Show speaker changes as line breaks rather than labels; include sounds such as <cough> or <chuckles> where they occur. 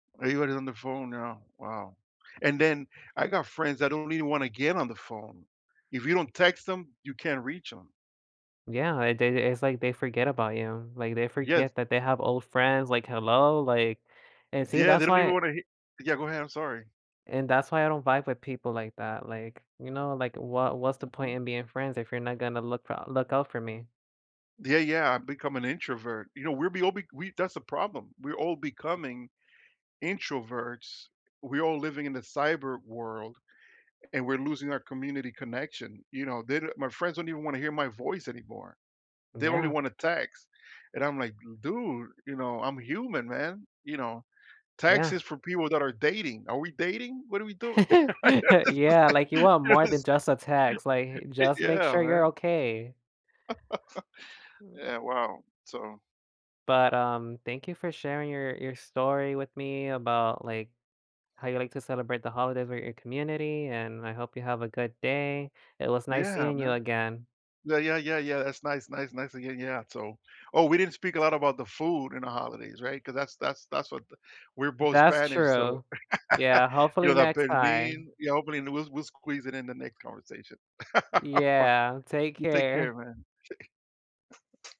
Are you even on the phone now, wow. And then I got friends that don't even wanna get on the phone. If you don't text them, you can't reach 'em.
Yeah, they they it's like they forget about you. Like, they
Yes.
forget that they have old friends like, "Hello?" Like and see
Yeah, they
that's
don't even
why
want to hit yeah, go ahead, I'm sorry.
and that's why I don't vibe with people like that. Like, you know, like, what what's the point
Mhm.
in being friends if you're not gonna look f look out for me?
Yeah yeah, I've become an introvert. You know, we're be al b we that's the problem. We're all becoming introverts. We're all living in the cyber world and we're losing our community connection. You know, the my friends don't even want to hear my voice anymore. They only
Yeah.
want to text and I'm like, "Dude, you know, I'm human, man. You know, text
Yeah.
is for people that are dating. Are we dating? What are we doing?"
<laughs> Yeah, like, you
<laughs>
want more than
Yes.
just a text, like, just make
Yeah,
sure you're
man.
okay.
<chuckles> Yeah, wow. So
But, um, thank you for sharing your your story with me about, like, how you like to celebrate the holidays with your community, and I hope you have a good day. It was nice
Yeah,
seeing you
man.
again.
Yeah, yeah, yeah, yeah, that's nice nice nice again yeah, so oh, we didn't speak a lot about the food in the holidays. Right? Cause that's that's that's what the we're both
That's
Spanish. So,
true. Yeah,
<laughs> yo
hopefully
te
next
perdí,
time.
hopefully, we'll we'll squeeze it in the next conversation. <laughs>
Yeah, take
You take
care.
care, man. <chuckles>